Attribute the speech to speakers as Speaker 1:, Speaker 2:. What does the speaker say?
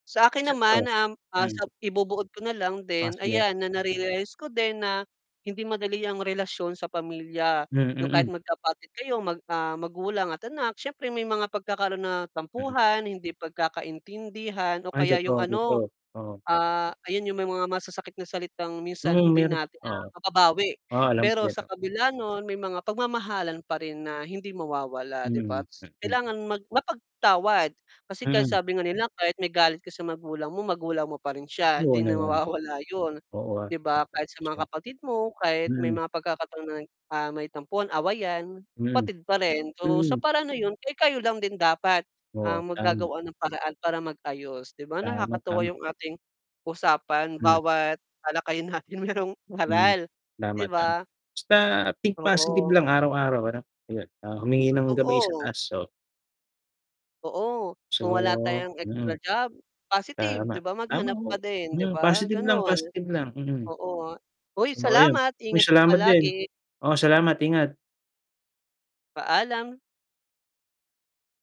Speaker 1: Sa akin
Speaker 2: [unintelligible]
Speaker 1: naman, um, ah,
Speaker 2: hmm.
Speaker 1: sa ibubuod ko nalang
Speaker 2: Ah,
Speaker 1: din,
Speaker 2: sige.
Speaker 1: ayan na narealize ko din na hindi madali ang relasyon sa pamilya.
Speaker 2: Hmm,
Speaker 1: Yung kahit
Speaker 2: mm.
Speaker 1: magkapatid kayo mag, ah, magulang at anak siyempre may mga pagkakaroon na
Speaker 2: Mm.
Speaker 1: tampuhan, hindi pagkakaintindihan o
Speaker 2: Ay
Speaker 1: kaya yung
Speaker 2: totoo, totoo,
Speaker 1: ano,
Speaker 2: oo.
Speaker 1: ah, ayun yung may mga masasakit na salitang minsan
Speaker 2: Mm,
Speaker 1: hindi
Speaker 2: mayro'n,
Speaker 1: natin na
Speaker 2: oo.
Speaker 1: mababawi.
Speaker 2: Oo, alam ko
Speaker 1: Pero
Speaker 2: yan
Speaker 1: sa
Speaker 2: ho.
Speaker 1: kabila no'n, may mga pagmamahalan pa rin na hindi mawawala 'di
Speaker 2: Hmm,
Speaker 1: ba?
Speaker 2: mm.
Speaker 1: Kailangan mag mapagpatawad kasi kahit
Speaker 2: Mm.
Speaker 1: sabi nga nila kahit may galit ka sa magulang mo, magulang mo pa rin siya
Speaker 2: Oo
Speaker 1: 'di na
Speaker 2: naman.
Speaker 1: mawawala 'yun,
Speaker 2: Oo, ah.
Speaker 1: 'di ba? Kahit sa mga
Speaker 2: [unintelligible]
Speaker 1: kapatid mo kahit may
Speaker 2: Mm.
Speaker 1: mga pagkakataon, ah, may tampuhan, awayan
Speaker 2: Mhm.
Speaker 1: kapatid pa rin. So sa
Speaker 2: Mhm.
Speaker 1: paraan na 'yun kayo-kayo lang din dapat
Speaker 2: Oo,
Speaker 1: ang
Speaker 2: tama.
Speaker 1: maggagawa ng paraan para mag-ayos 'di ba,
Speaker 2: Tama,
Speaker 1: nakakatuwa
Speaker 2: tama.
Speaker 1: yung ating, usapan
Speaker 2: Hmm.
Speaker 1: bawat talakayan natin mayrong
Speaker 2: Hmm.
Speaker 1: aral,
Speaker 2: Tama,
Speaker 1: 'di
Speaker 2: tama
Speaker 1: ba?
Speaker 2: basta think positive
Speaker 1: Oo.
Speaker 2: lang araw-araw ano? 'Yun, ah, humingi ng gabay sa
Speaker 1: Totoo.
Speaker 2: taas so
Speaker 1: Oo,
Speaker 2: so,
Speaker 1: kung wala tayong extra
Speaker 2: mm.
Speaker 1: job, positive 'di
Speaker 2: Tama,
Speaker 1: ba?
Speaker 2: tama
Speaker 1: Maghanap pa
Speaker 2: ho,
Speaker 1: din 'di
Speaker 2: mm,
Speaker 1: ba,
Speaker 2: positive lang
Speaker 1: gano'n.
Speaker 2: positive lang, mm.
Speaker 1: Oo nga, hoy!
Speaker 2: Oh, ayun.
Speaker 1: Salamat,
Speaker 2: Uy, may
Speaker 1: ingat ka
Speaker 2: salamat din.
Speaker 1: palagi.
Speaker 2: Oo, salamat ingat.
Speaker 1: Paalam.